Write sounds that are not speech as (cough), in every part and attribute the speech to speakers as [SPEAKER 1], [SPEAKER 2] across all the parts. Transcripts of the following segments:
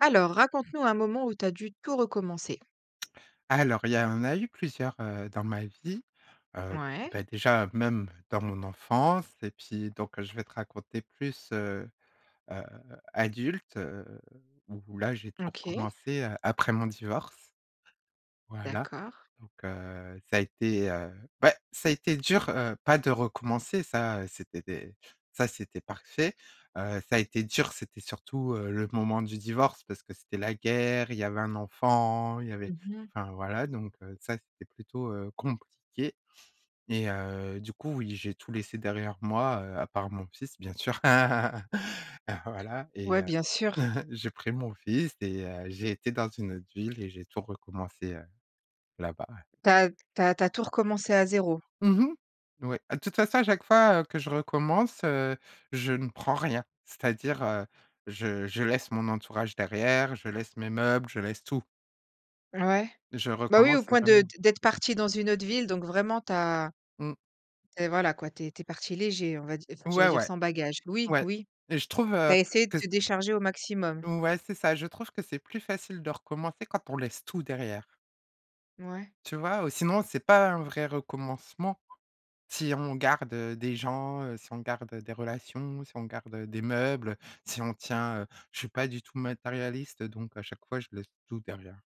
[SPEAKER 1] Alors, raconte-nous un moment où tu as dû tout recommencer?
[SPEAKER 2] Alors il y a en a eu plusieurs, heu, dans ma vie. Heu,
[SPEAKER 1] Ouais.
[SPEAKER 2] beh, déjà même, dans mon enfance, et puis donc je vais te raconter plus, heu, heu, adulte, heu, où là, j'ai tout
[SPEAKER 1] OK.
[SPEAKER 2] recommencé, heu, après mon divorce, voilà,
[SPEAKER 1] D'accord.
[SPEAKER 2] donc heu, ça a été, heu, beh ouais, ça a été dur, heu, pas de recommencer, ça, c'était des ça, c'était parfait. Heu, ça a été dur c'était surtout, heu, le moment du divorce parce que c'était la guerre, il y avait un enfant, il y avait
[SPEAKER 1] Mmh mh.
[SPEAKER 2] enfin, voilà, donc heu, ça, c'était plutôt, heu, compliqué. Et heu, du coup, oui, j'ai tout laissé derrière moi, heu, à part mon fils, bien sûr. (chuckles) Heu, voilà, et,
[SPEAKER 1] Ouais,
[SPEAKER 2] heu,
[SPEAKER 1] bien sûr.
[SPEAKER 2] (chuckles) j'ai pris mon fils et heu, j'ai été dans une autre ville et j'ai tout recommencé, heu, là-bas, ouais.
[SPEAKER 1] Tu as tu as tu as tout recommencé à 0?
[SPEAKER 2] Mmh mh, oui. Ah, de toute façon à chaque fois, heu, que je recommence, heu, je ne prends rien. C'est-à-dire, heu, je je laisse mon entourage derrière, je laisse mes meubles, je laisse tout.
[SPEAKER 1] Ouais,
[SPEAKER 2] Je
[SPEAKER 1] bah, oui, au
[SPEAKER 2] recommence
[SPEAKER 1] point de
[SPEAKER 2] vraiment.
[SPEAKER 1] d'être partie dans une autre ville donc vraiment tu as
[SPEAKER 2] Mmh.
[SPEAKER 1] tu es, voilà quoi, tu es tu es partie léger on va dire, j'allais
[SPEAKER 2] Ouais,
[SPEAKER 1] dire,
[SPEAKER 2] ouais.
[SPEAKER 1] sans bagage, oui,
[SPEAKER 2] Ouais
[SPEAKER 1] oui.
[SPEAKER 2] et je trouve,
[SPEAKER 1] Tu
[SPEAKER 2] heu,
[SPEAKER 1] as essayé de
[SPEAKER 2] que c
[SPEAKER 1] te décharger au maximum.
[SPEAKER 2] ouais c'est ça. Je trouve que c'est plus facile de recommencer quand on laisse tout derrière.
[SPEAKER 1] Ouais.
[SPEAKER 2] Tu vois? Ou sinon c'est pas un vrai recommencement. Si on garde, heu, des gens, heu, si on garde, heu, des relations, si on garde, heu, des meubles, heu, si on tient heu, je suis pas du tout matérialiste, donc à chaque fois je laisse tout derrière.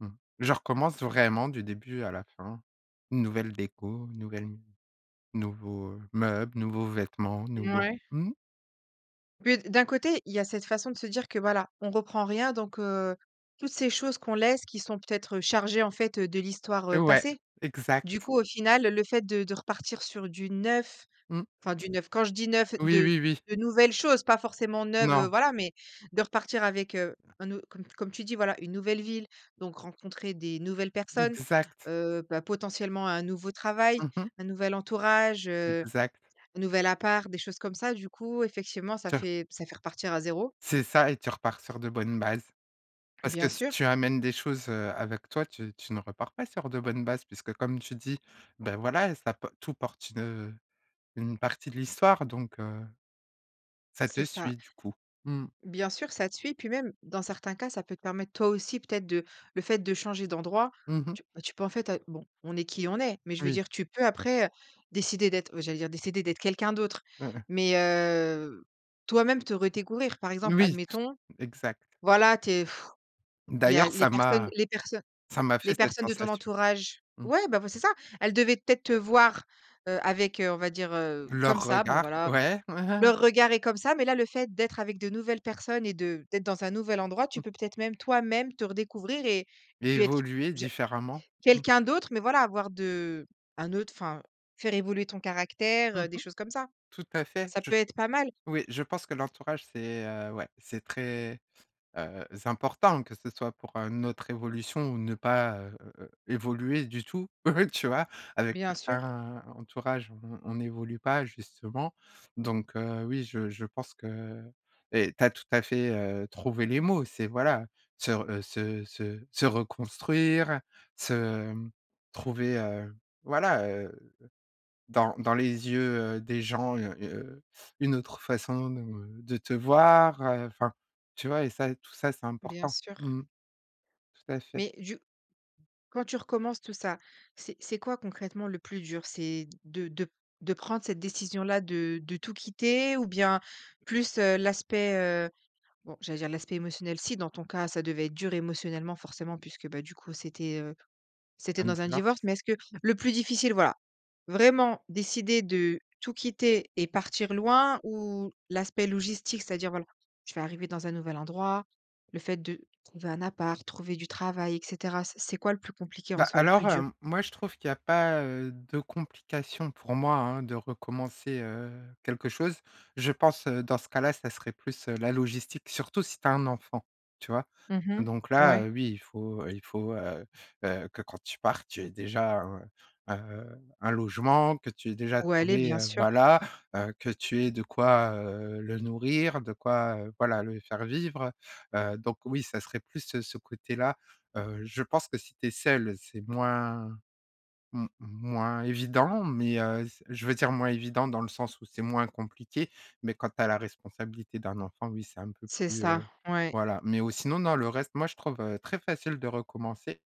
[SPEAKER 2] Mmh. Je recommence vraiment du début à la fin. Nouvelle déco, nouvelle nouveaux, heu, meubles, nouveaux vêtements, nouveaux
[SPEAKER 1] Mouais.
[SPEAKER 2] mmh?
[SPEAKER 1] Puis d d'un côté, il y a cette façon de se dire que, voilà, on reprend rien donc, heu, toutes ces choses qu'on laisse, qui sont peut-être, heu, chargées en fait, heu, de l'histoire, heu,
[SPEAKER 2] Ouais,
[SPEAKER 1] passée, du
[SPEAKER 2] exact.
[SPEAKER 1] coup, au final le fait de de repartir sur du neuf,
[SPEAKER 2] Mmh.
[SPEAKER 1] enfin du neuf, quand je dis neuf
[SPEAKER 2] Oui,
[SPEAKER 1] de
[SPEAKER 2] oui, oui.
[SPEAKER 1] de nouvelles choses, pas forcément neuves, heu,
[SPEAKER 2] Non.
[SPEAKER 1] voilà, mais de repartir avec, heu, un aut comme comme tu dis voilà, une nouvelle ville, donc rencontrer des nouvelles personnes,
[SPEAKER 2] Exact.
[SPEAKER 1] heu, bah, potentiellement un nouveau travail,
[SPEAKER 2] Mmh mh.
[SPEAKER 1] un nouvel entourage, heu,
[SPEAKER 2] Exact.
[SPEAKER 1] un nouvel appart, des choses comme ça, du coup, effectivement ça
[SPEAKER 2] Sûr
[SPEAKER 1] fait ça fait repartir à 0.
[SPEAKER 2] C'est ça et tu repars sur de bonnes bases. Parce que
[SPEAKER 1] Bien
[SPEAKER 2] si
[SPEAKER 1] sûr.
[SPEAKER 2] tu amènes des choses, heu, avec toi, tu tu ne repars pas sur de bonnes bases. Puisque comme tu dis, bah, voilà ça p tout porte une, heu, une partie de l'histoire donc, heu, ça
[SPEAKER 1] C'est
[SPEAKER 2] te
[SPEAKER 1] ça.
[SPEAKER 2] suis du coup. Mmh.
[SPEAKER 1] Bien sûr, ça te suit, puis même, dans certains cas, ça peut te permettre, toi aussi peut-être, de le fait de changer d'endroit,
[SPEAKER 2] Mmh mh.
[SPEAKER 1] tu, bah, tu peux, en fait bon on est qui on est. Mais je veux
[SPEAKER 2] Oui.
[SPEAKER 1] dire, tu peux après, heu, décider d'être heu, j'allais dire, décider d'être quelqu'un d'autre,
[SPEAKER 2] (unintelligible)
[SPEAKER 1] mais, heu, toi-même, te redécouvrir. Par exemple,
[SPEAKER 2] Oui!
[SPEAKER 1] admettons,
[SPEAKER 2] Exact.
[SPEAKER 1] voilà, tu es (blows air) il y a
[SPEAKER 2] D'ailleurs
[SPEAKER 1] les
[SPEAKER 2] ça
[SPEAKER 1] personnes
[SPEAKER 2] m'a
[SPEAKER 1] les personnes
[SPEAKER 2] ça m'a fait
[SPEAKER 1] les
[SPEAKER 2] cette
[SPEAKER 1] personnes de ton
[SPEAKER 2] sensation.
[SPEAKER 1] entourage.
[SPEAKER 2] Mmh.
[SPEAKER 1] Ouais, bah, vo c'est ça! Elles devaient peut-être te voir, heu, avec, heu, on va dire, heu, comme
[SPEAKER 2] Leurs
[SPEAKER 1] ça, bon
[SPEAKER 2] regards,
[SPEAKER 1] voilà.
[SPEAKER 2] ouais, ouais.
[SPEAKER 1] Leur regard est comme ça mais là, le fait d'être avec de nouvelles personnes et de d'être dans un nouvel endroit, tu
[SPEAKER 2] Mmh.
[SPEAKER 1] peux peut-être, même toi-même, te redécouvrir et puis être que
[SPEAKER 2] Évoluer
[SPEAKER 1] je
[SPEAKER 2] différemment. Mmh.
[SPEAKER 1] quelqu'un d'autre mais voilà avoir de un autre, enfin, faire évoluer ton caractère,
[SPEAKER 2] Mmh mh.
[SPEAKER 1] heu, des choses comme ça.
[SPEAKER 2] Tout à fait,
[SPEAKER 1] Ça
[SPEAKER 2] je
[SPEAKER 1] peut être pas mal.
[SPEAKER 2] oui. Je pense que l'entourage c'est, heu, ouais. C'est très, heu, important que ce soit pour, heu, notre évolution ou ne pas, heu, évoluer du tout (chuckles) tu vois? Avec
[SPEAKER 1] Bien sûr.
[SPEAKER 2] certains entourages, on on on n'évolue pas justement. Donc, heu, oui, je je pense que et tu as tout à fait, heu, trouvé les mots, c'est voilà, se re heu, se se se reconstruire, se, hem, trouver, heu, voilà, heu, dans dans les yeux, heu, des gens, heu, une autre façon, heu, de de te voir, heu, enfin, tu vois? Et ça, tout ça c'est
[SPEAKER 1] Bien
[SPEAKER 2] important.
[SPEAKER 1] sûr.
[SPEAKER 2] Mmh mh. Tout à fait.
[SPEAKER 1] Mais du quand tu recommences tout ça, c'est c'est quoi concrètement le plus dur? C'est de de de prendre cette décision-là, de de tout quitter? Ou bien, plus, heu, l'aspect, heu, bon j'allais dire, l'aspect émotionnel, si dans ton cas, ça devait être dur émotionnellement forcément, puisque, bah, du coup c'était, heu, c'était
[SPEAKER 2] Un
[SPEAKER 1] dans un
[SPEAKER 2] divorce.
[SPEAKER 1] divorce, mais est-ce que le plus difficile voilà, vraiment décider de tout quitter et partir loin? Ou l'aspect logistique, c'est-à-dire, voilà, je vais arriver dans un nouvel endroit, le fait de trouver un appart, trouver du travail et cetera, c'est c'est quoi le plus compliqué en
[SPEAKER 2] Bah,
[SPEAKER 1] soi, le
[SPEAKER 2] alors,
[SPEAKER 1] plus dur?
[SPEAKER 2] hem, moi je trouve qu'il y a pas, heu, de complications, pour moi hein, de recommencer, heu, quelque chose. Je pense, heu, dans ce cas-là, ça serait plus, heu, la logistique, surtout si tu as un enfant, tu vois?
[SPEAKER 1] Mmh
[SPEAKER 2] Donc
[SPEAKER 1] mh,
[SPEAKER 2] là,
[SPEAKER 1] ouais.
[SPEAKER 2] heu, oui, il faut, heu, il faut, heu, heu, que quand tu pars, tu aies déjà un, heu, un logement, que tu aies déjà
[SPEAKER 1] Où aller,
[SPEAKER 2] trouvé,
[SPEAKER 1] bien
[SPEAKER 2] heu,
[SPEAKER 1] sûr.
[SPEAKER 2] voilà, heu, que tu aies de quoi, heu, le nourrir, de quoi, heu, voilà, le faire vivre, heu, donc oui, ça serait plus ce côté-là, heu, je pense que si tu es seule, c'est moins m moins évident, mais, heu, je veux dire moins évident dans le sens où c'est moins compliqué, mais quand tu as la responsabilité d'un enfant, oui, c'est un peu
[SPEAKER 1] C'est
[SPEAKER 2] plus,
[SPEAKER 1] ça.
[SPEAKER 2] heu,
[SPEAKER 1] Ouais.
[SPEAKER 2] voilà, mais ou sinon non, le reste moi je trouve, heu, très facile de recommencer,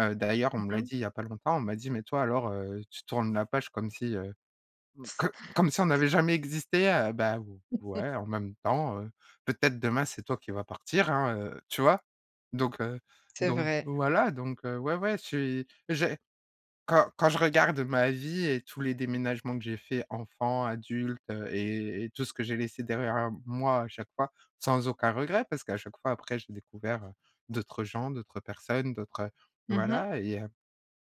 [SPEAKER 2] heu, d'ailleurs on
[SPEAKER 1] Mmh
[SPEAKER 2] me l'a
[SPEAKER 1] mh.
[SPEAKER 2] dit il y a pas longtemps, on m'a dit: «Mais toi alors, heu, tu tournes la page comme si, heu, co comme si on n'avait
[SPEAKER 1] (unintelligible)
[SPEAKER 2] jamais existé», heu, bah
[SPEAKER 1] (laughs)
[SPEAKER 2] ouais, en même temps, heu, peut-être demain, c'est toi qui va partir hein, heu, tu vois? Donc, heu,
[SPEAKER 1] C'est
[SPEAKER 2] donc
[SPEAKER 1] vrai.
[SPEAKER 2] voilà, donc, heu, ouais, ouais je suis j'ai quand quand je regarde ma vie et tous les déménagements que j'ai fait enfant, adulte, heu, et et tout ce que j'ai laissé derrière moi, à chaque fois. Sans aucun regret parce qu'à chaque fois après j'ai découvert, heu, d'autres gens, d'autres personnes, d'autres, heu,
[SPEAKER 1] Mmh mh.
[SPEAKER 2] voilà et heu,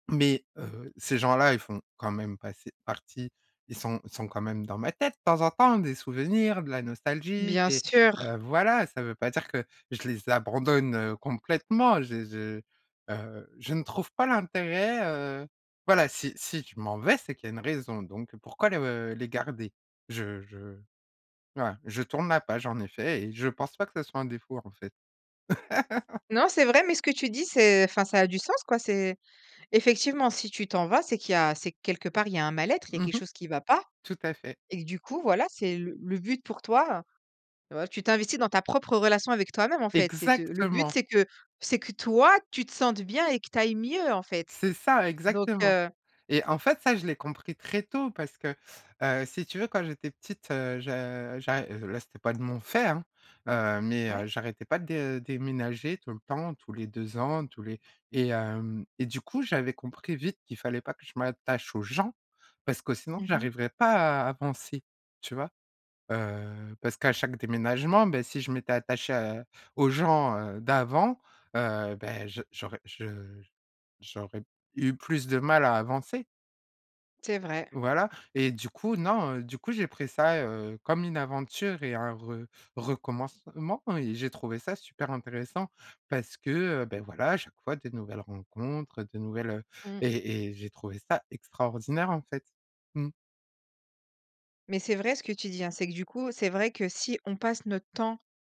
[SPEAKER 2] mais, heu, ces gens-là ils font quand même passer partie, ils sont sont quand même dans ma tête de temps en temps, des souvenirs, de la nostalgie,
[SPEAKER 1] Bien
[SPEAKER 2] des
[SPEAKER 1] sûr.
[SPEAKER 2] heu, voilà, ça veut pas dire que je les abandonne, heu, complètement, je je, heu, je ne trouve pas l'intérêt, heu, voilà, si si je m'en vais, c'est qu'il y a une raison, donc pourquoi les, heu, les garder? Je je voilà, je tourne ma page, en effet et je pense pas que ce soit un défaut en fait. (laughs)
[SPEAKER 1] Non, c'est vrai, mais ce que tu dis c'est enfin ça a du sens quoi c'est effectivement si tu t'en vas, c'est qu'il y a c'est que quelque part il y a un mal-être, il y a
[SPEAKER 2] Mmh
[SPEAKER 1] quelque
[SPEAKER 2] mh.
[SPEAKER 1] chose qui va pas
[SPEAKER 2] Tout à fait.
[SPEAKER 1] et que, du coup, voilà c'est le le but pour toi heu, tu t'investis dans ta propre relation avec toi-même en fait. C'est te c'est le but
[SPEAKER 2] Exactement.
[SPEAKER 1] c'est que c'est que toi tu te sentes bien et que tu ailles mieux en fait,
[SPEAKER 2] C'est ça,
[SPEAKER 1] donc,
[SPEAKER 2] exactement.
[SPEAKER 1] heu.
[SPEAKER 2] Et en fait ça, je l'ai compris très tôt parce que, heu, si tu veux quand j'étais petite, heu, je j'a et là c'était pas de mon fait, hein! Heu, mais,
[SPEAKER 1] Ouais.
[SPEAKER 2] heu, j'arrêtais pas de déménager tout le temps, tous les 2 ans, tous les et hem et du coup, j'avais compris vite qu'il fallait pas que je m'attache aux gens, parce que sinon
[SPEAKER 1] Mmh mh.
[SPEAKER 2] j'arriverai pas à à avancer, tu vois? Heu, parce qu'à chaque déménagement, ben, si je m'étais attachée à aux gens, heu, d'avant, heu, bah, je j'aurais je j'aurai eu plus de mal à avancer.
[SPEAKER 1] C'est vrai.
[SPEAKER 2] Voilà et du coup, non, heu, du coup, j'ai pris ça, heu, comme une aventure et un re recommencement et j'ai trouvé ça super intéressant. Parce que, heu, beh, voilà, à chaque fois des nouvelles rencontres, heu, des nouvelles heu
[SPEAKER 1] Mmh.
[SPEAKER 2] et et j'ai trouvé ça extraordinaire, en fait, mmh.
[SPEAKER 1] Mais c'est vrai ce que tu dis, hein. C'est que, du coup, c'est vrai que si on passe notre temps,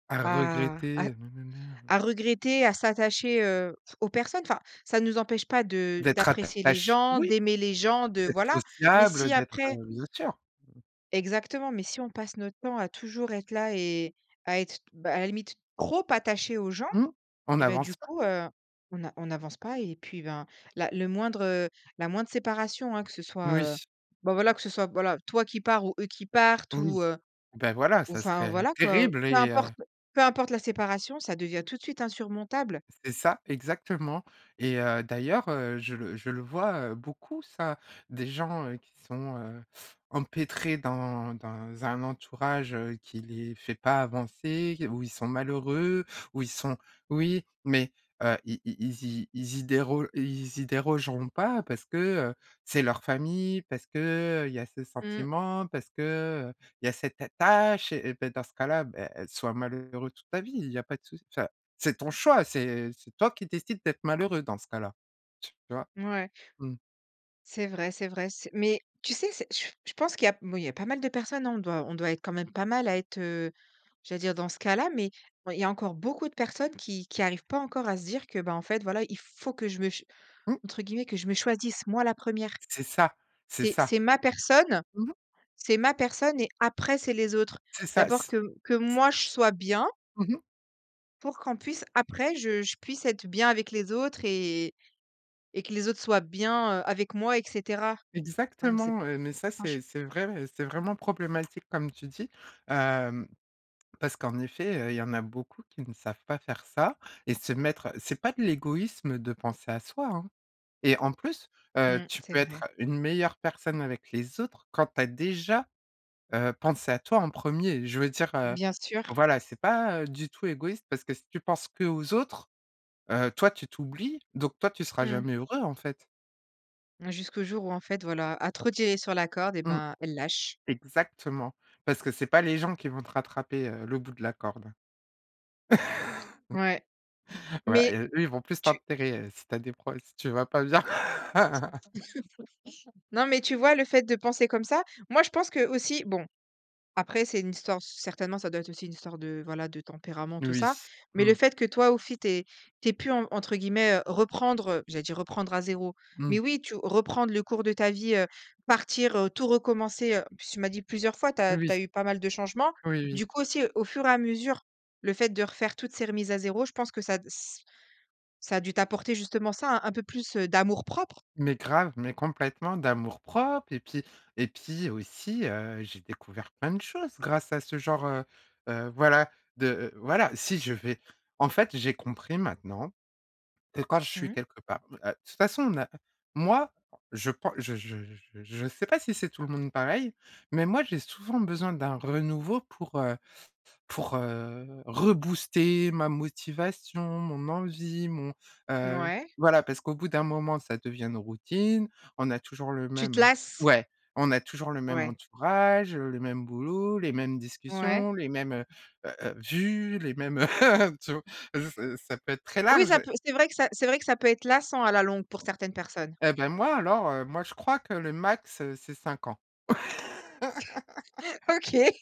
[SPEAKER 2] À
[SPEAKER 1] à
[SPEAKER 2] regretter,
[SPEAKER 1] à
[SPEAKER 2] heu, nananère.
[SPEAKER 1] à regretter, à s'attacher, heu, aux personnes, enfin, ça nous empêche pas de
[SPEAKER 2] D'être
[SPEAKER 1] d'apprécier les
[SPEAKER 2] attache,
[SPEAKER 1] gens,
[SPEAKER 2] oui!
[SPEAKER 1] d'aimer les gens, de
[SPEAKER 2] D'être
[SPEAKER 1] voilà, mais
[SPEAKER 2] sociable, heu,
[SPEAKER 1] si
[SPEAKER 2] d'être,
[SPEAKER 1] après
[SPEAKER 2] heu, bien sûr! Mmh.
[SPEAKER 1] exactement, mais si on passe notre temps à toujours être là et à être, bah, à la limite, trop attachées aux gens,
[SPEAKER 2] Mmh, on
[SPEAKER 1] et bah, du
[SPEAKER 2] avance pas!
[SPEAKER 1] coup, heu, on a on n'avance pas et puis, ben, la le moindre, heu, la moindre séparation, hein! Que ce soit, heu,
[SPEAKER 2] Oui.
[SPEAKER 1] bah voilà, que ce soit, voilà, toi qui pars ou eux qui partent
[SPEAKER 2] Oui.
[SPEAKER 1] ou, heu,
[SPEAKER 2] Bah, voilà,
[SPEAKER 1] ou,
[SPEAKER 2] ça
[SPEAKER 1] enfin
[SPEAKER 2] serait
[SPEAKER 1] voilà quoi, heu,
[SPEAKER 2] terrible
[SPEAKER 1] peu
[SPEAKER 2] et heu
[SPEAKER 1] importe peu importe la séparation ça devient tout de suite insurmontable.
[SPEAKER 2] C'est ça, exactement et heu, d'ailleurs, heu, je le je le vois, heu, beaucoup ça. Des gens, heu, qui sont, heu, empêtrés dans dans un entourage, heu, qui les fait pas avancer, où ils sont malheureux, où ils sont oui, mais, heu, i i ils y ils y déro ils y dérogeront pas parce que, heu, c'est leur famille, parce que, heu, il y a ce
[SPEAKER 1] Mmh.
[SPEAKER 2] sentiment, parce que, heu, il y a cette attache et beh, dans ce cas-là, beh soit malheureux toute ta vie, il y a pas de souc enfin, c'est ton choix, c'est c'est toi qui décides d'être malheureux dans ce cas-là. Tu vois?
[SPEAKER 1] Mouais.
[SPEAKER 2] Mmh.
[SPEAKER 1] C'est vrai, c'est vrai, c'est mais tu sais, c'est j je pense qu'il y a moui il y a pas mal de personnes, hein. On doit on doit être quand même pas mal à être, heu, j'allais dire, dans ce cas-là, mais, ouais, il y a encore beaucoup de personnes qui qui arrivent pas encore à se dire que, ben, en fait voilà il faut que je me ch
[SPEAKER 2] Mmh.
[SPEAKER 1] entre guillemets «que je me choisisse moi la 1re».
[SPEAKER 2] C'est ça, c'est
[SPEAKER 1] C'est
[SPEAKER 2] ça!
[SPEAKER 1] c'est ma personne.
[SPEAKER 2] Mmh mh.
[SPEAKER 1] C'est ma personne et après c'est les autres.
[SPEAKER 2] C'est ça,
[SPEAKER 1] D'abord
[SPEAKER 2] c
[SPEAKER 1] que que
[SPEAKER 2] c
[SPEAKER 1] moi je sois bien.
[SPEAKER 2] Mmh mh.
[SPEAKER 1] Pour qu'on puisse après je je puisse être bien avec les autres et et que les autres soient bien, heu, avec moi et cetera. Ouais mais c'est b
[SPEAKER 2] Exactement, heu, mais ça
[SPEAKER 1] franche
[SPEAKER 2] c'est c'est vrai et c'est vraiment problématique comme tu dis. Hem, parce qu'en effet, heu, il y en a beaucoup qui ne savent pas faire ça et se mettre c'est pas de l'égoïsme de penser à soi, hein. Et en plus, heu,
[SPEAKER 1] Mmh.
[SPEAKER 2] tu
[SPEAKER 1] C'est
[SPEAKER 2] peux
[SPEAKER 1] vrai
[SPEAKER 2] être une meilleure personne avec les autres quand tu as déjà, heu, pensé à toi en 1er. Je veux dire, heu,
[SPEAKER 1] Bien sûr.
[SPEAKER 2] voilà, c'est pas, heu, du tout égoïste parce que si tu penses qu'aux autres, heu, toi tu t'oublies, donc toi tu seras
[SPEAKER 1] Mmh.
[SPEAKER 2] jamais heureux en fait.
[SPEAKER 1] Jusqu'au jour où en fait voilà, à trop tirer sur la corde et
[SPEAKER 2] Mmh.
[SPEAKER 1] ben, elle lâche.
[SPEAKER 2] Exactement, parce que c'est pas les gens qui vont te rattraper, heu, le bout de la corde, hein.
[SPEAKER 1] Ouais,
[SPEAKER 2] (chuckles) Voilà et
[SPEAKER 1] mais
[SPEAKER 2] eux ils vont plus
[SPEAKER 1] tu
[SPEAKER 2] t'enterrer, heu, si tu as des prob si tu vas pas bien. (laughs)
[SPEAKER 1] (laughs) Non mais tu vois? Le fait de penser comme ça moi je pense que aussi bon, après c'est une histoire c certainement ça doit être aussi une histoire de voilà de tempérament tout
[SPEAKER 2] Oui,
[SPEAKER 1] ça. Mais le
[SPEAKER 2] mmh.
[SPEAKER 1] fait que toi aussi tu ais tu ais pu en entre guillemets, heu, reprendre, heu, j'allais dire reprendre à 0, mais
[SPEAKER 2] Mmh.
[SPEAKER 1] oui tu reprendre le cours de ta vie. Heu, partir, heu, tout recommencer, heu. En plus tu m'as dit plusieurs fois tu as
[SPEAKER 2] Oui.
[SPEAKER 1] tu as eu pas mal de changements.
[SPEAKER 2] Oui, oui.
[SPEAKER 1] Du coup aussi, heu, au fur et à mesure, le fait de refaire toutes ces remises à 0 je pense que ça a d ç ça a dû t'apporter justement ça, hein, un peu plus, heu, d'amour propre.
[SPEAKER 2] Mais grave, mais complètement. D'amour-propre et puis et puis aussi, heu, j'ai découvert plein de choses grâce à ce genre, heu heu, voilà de, heu, voilà si je vais en fait j'ai compris maintenant, que quand je suis
[SPEAKER 1] Mmh.
[SPEAKER 2] quelque part heu, de toute façon on a moi je prends je je je je sais pas si c'est tout le monde pareil, mais moi j'ai souvent besoin d'un renouveau pour, heu, pour, heu, rebooster ma motivation, mon envie, mon, heu.
[SPEAKER 1] Mouais.
[SPEAKER 2] Voilà parce qu'au bout d'un moment ça devient une routine, on a toujours le
[SPEAKER 1] Tu te
[SPEAKER 2] même
[SPEAKER 1] lasses?
[SPEAKER 2] ouais, on a toujours le même
[SPEAKER 1] Ouais.
[SPEAKER 2] entourage, heu, le même boulot, les mêmes
[SPEAKER 1] Ouais.
[SPEAKER 2] discussions, les mêmes, heu heu heu, vues, les mêmes, heu, (chuckles) tu vois? Ça ça peut être très
[SPEAKER 1] Oui
[SPEAKER 2] large.
[SPEAKER 1] ça peut, c'est vrai que ça c'est vrai que ça peut être lassant à la longue pour certaines personnes.
[SPEAKER 2] Heu, ben, moi alors, heu, moi je crois que le max, c'est 5 ans.
[SPEAKER 1] (chuckles)
[SPEAKER 2] (laughs)
[SPEAKER 1] OK.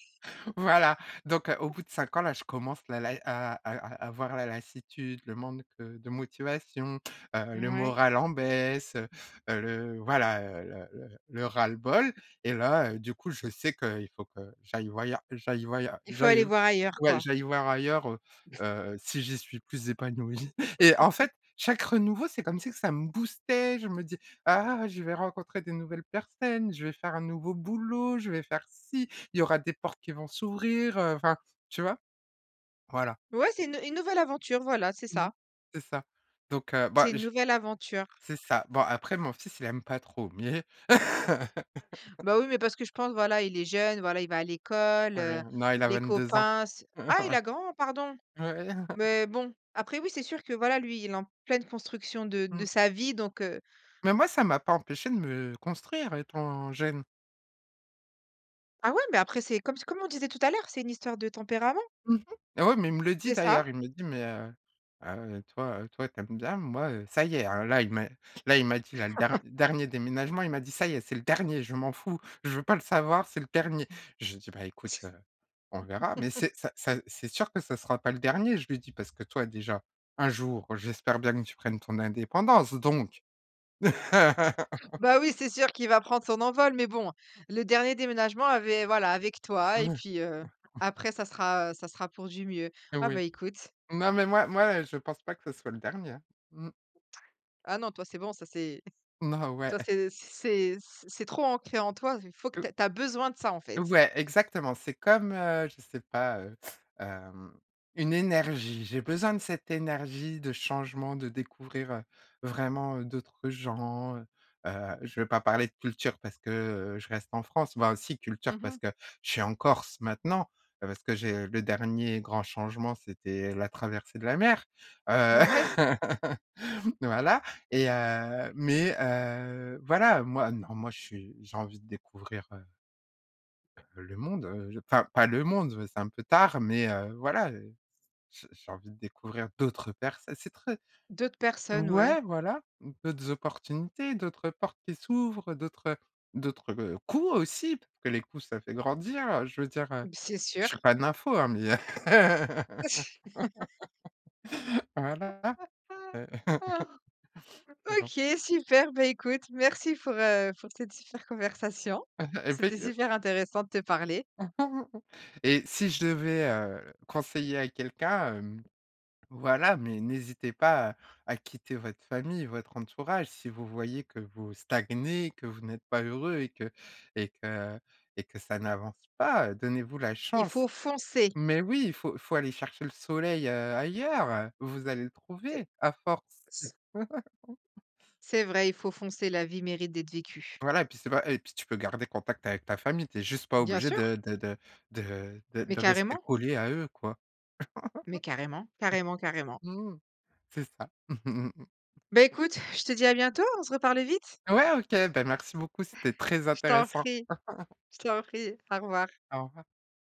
[SPEAKER 2] Voilà, donc, heu, au
[SPEAKER 1] (unintelligible)
[SPEAKER 2] bout de 5 ans là je commence la lai, heu à à à avoir la lassitude, le manque, heu, de motivation, heu, le
[SPEAKER 1] Mouais.
[SPEAKER 2] moral en baisse, heu heu, le voilà, heu, le le le ras-le-bol et là, heu, du coup je sais qu'il faut que j'aille voyeur j'aille voyeur
[SPEAKER 1] Il faut aller
[SPEAKER 2] j'aille
[SPEAKER 1] voir ailleurs
[SPEAKER 2] ouais,
[SPEAKER 1] quoi.
[SPEAKER 2] j'aille voir ailleurs, heu
[SPEAKER 1] (chuckles)
[SPEAKER 2] heu, si j'y suis plus épanouie. Et en
[SPEAKER 1] (laughs)
[SPEAKER 2] fait chaque renouveau c'est comme si que ça me boostait, je me dis: «Ah je vais rencontrer des nouvelles personnes, je vais faire un nouveau boulot, je vais faire ci, il y aura des portes qui vont s'ouvrir», heu, enfin tu vois? Voilà.
[SPEAKER 1] Ouais c'est une une nouvelle aventure, voilà, c'est
[SPEAKER 2] Mmh,
[SPEAKER 1] ça.
[SPEAKER 2] c'est ça. Donc, heu, bah
[SPEAKER 1] C'est une
[SPEAKER 2] je
[SPEAKER 1] nouvelle aventure.
[SPEAKER 2] c'est ça, bon après mon fils il aime pas trop, mais (laughs)
[SPEAKER 1] Bah, oui mais parce que je pense, voilà il est jeune, voilà il va à l'école, heu,
[SPEAKER 2] Oui. Non il a
[SPEAKER 1] les
[SPEAKER 2] 22 ans.
[SPEAKER 1] copains s
[SPEAKER 2] (chuckles)
[SPEAKER 1] Ah il a grand pardon.
[SPEAKER 2] Ouais. Ouais.
[SPEAKER 1] Mais bon, après oui c'est sûr que voilà, lui il est en pleine construction de de
[SPEAKER 2] Mmh.
[SPEAKER 1] sa vie donc, heu.
[SPEAKER 2] Mais moi ça m'a pas empêché de me construire étant jeune.
[SPEAKER 1] Ah ouais, mais après, c'est comme comme on disait tout à l'heure, c'est une histoire de tempérament.
[SPEAKER 2] Mmh mh. Et ouais mais il me le dit
[SPEAKER 1] C'est ça.
[SPEAKER 2] d'ailleurs, il me le dit: «Mais, heu heu, toi, heu, toi tu aimes bien, moi, heu, ça y est hein», là il m'a là il m'a dit là le der
[SPEAKER 1] (chuckles)
[SPEAKER 2] dernier déménagement il m'a dit: «Ça y est, c'est le dernier je m'en fous. Je veux pas le savoir c'est le dernier». Je lui ai dit: «Bah écoute, heu, on verra». Mais
[SPEAKER 1] (chuckles)
[SPEAKER 2] c'est ça ça c'est sûr que ça sera pas le dernier, je lui ai dit: «Parce que toi déjà, un jour j'espère bien que tu prennes ton indépendance» donc. (laughs)
[SPEAKER 1] Bah oui, c'est sûr qu'il va prendre son envol. Mais bon, le dernier déménagement avait voilà avec toi et
[SPEAKER 2] Mouais.
[SPEAKER 1] puis, heu,
[SPEAKER 2] (chuckles)
[SPEAKER 1] après ça sera ça sera pour du mieux. Ah, bah,
[SPEAKER 2] Oui.
[SPEAKER 1] écoute.
[SPEAKER 2] Non, mais moi moi, heu, je pense pas que ce soit le dernier, hein. Mmh.
[SPEAKER 1] Ah non toi c'est bon. Ça s'est (chuckles)
[SPEAKER 2] Non, ouais.
[SPEAKER 1] Toi, c'est c'est c c'est trop ancré en toi, heu, faut que
[SPEAKER 2] Heu
[SPEAKER 1] tu ais tu as besoin de ça, en fait.
[SPEAKER 2] Ouais, exactement, c'est comme, heu, je sais pas, heu, hem, une énergie. J'ai besoin de cette énergie, de changement, de découvrir, heu, vraiment d'autres gens, heu. Heu, je vais pas parler de culture parce que, heu, je reste en France. Bah, si, culture
[SPEAKER 1] Mmh mh.
[SPEAKER 2] parce que je suis en Corse maintenant, parce que j'ai le dernier grand changement c'était la traversée de la mer. Heu,
[SPEAKER 1] Mouais.
[SPEAKER 2] (laughs) voilà et heu, mais, heu, voilà moi non, moi je suis j'ai envie de découvrir, heu heu le monde, heu, je enfin pas le monde, beh, c'est un peu tard, mais, heu, voilà, heu. J'ai j'ai envie de découvrir d'autres perso c'est très
[SPEAKER 1] D'autres personnes, ouais.
[SPEAKER 2] Ouais voilà, d'autres opportunités, d'autres portes qui s'ouvrent, d'autres, heu, d'autres, heu, coups aussi, parce que les coups ça fait grandir, heu, je veux dire, heu,
[SPEAKER 1] C'est
[SPEAKER 2] je suis
[SPEAKER 1] sûr.
[SPEAKER 2] pas nympho, hein, mais, heu.
[SPEAKER 1] (chuckles)
[SPEAKER 2] (laughs) Voilà.
[SPEAKER 1] (chuckles)
[SPEAKER 2] heu. (laughs) Bon.
[SPEAKER 1] OK super, bah, écoute merci pour, heu, pour cette super conversation.
[SPEAKER 2] (chuckles) Et beh,
[SPEAKER 1] C'était
[SPEAKER 2] heu.
[SPEAKER 1] super intéressant de te parler.
[SPEAKER 2] (chuckles) Et si je devais, heu, conseiller à quelqu'un, hem, voilà, mais n'hésitez pas, heu, à quitter votre famille, votre entourage si vous voyez que vous stagnez, que vous n'êtes pas heureux et que et que et que ça n'avance pas, heu, donnez-vous la
[SPEAKER 1] Il faut
[SPEAKER 2] chance.
[SPEAKER 1] foncer.
[SPEAKER 2] Mais oui, il faut il faut aller chercher le soleil, heu, ailleurs, heu, vous allez le
[SPEAKER 1] Tai
[SPEAKER 2] trouver, à force.
[SPEAKER 1] S
[SPEAKER 2] (chuckles)
[SPEAKER 1] C'est vrai, il faut foncer, la vie mérite d'être vécue.
[SPEAKER 2] Voilà et puis c'est pas et puis tu peux garder contact avec ta famille. Tu es juste pas
[SPEAKER 1] Bien
[SPEAKER 2] obligé
[SPEAKER 1] sûr.
[SPEAKER 2] de de de de de
[SPEAKER 1] Mais
[SPEAKER 2] de rester
[SPEAKER 1] carrément.
[SPEAKER 2] collé à eux quoi. (chuckles)
[SPEAKER 1] Mais carrément. Carrément, carrément.
[SPEAKER 2] Mmh. C'est ça. (chuckles)
[SPEAKER 1] Beh, écoute, je te dis à bientôt, on se reparle vite.
[SPEAKER 2] Ouais OK, bah, merci beaucoup, c'était très
[SPEAKER 1] Je t'en
[SPEAKER 2] intéressant.
[SPEAKER 1] prie,
[SPEAKER 2] (laughs)
[SPEAKER 1] je t'en prie, au revoir.
[SPEAKER 2] Au revoir.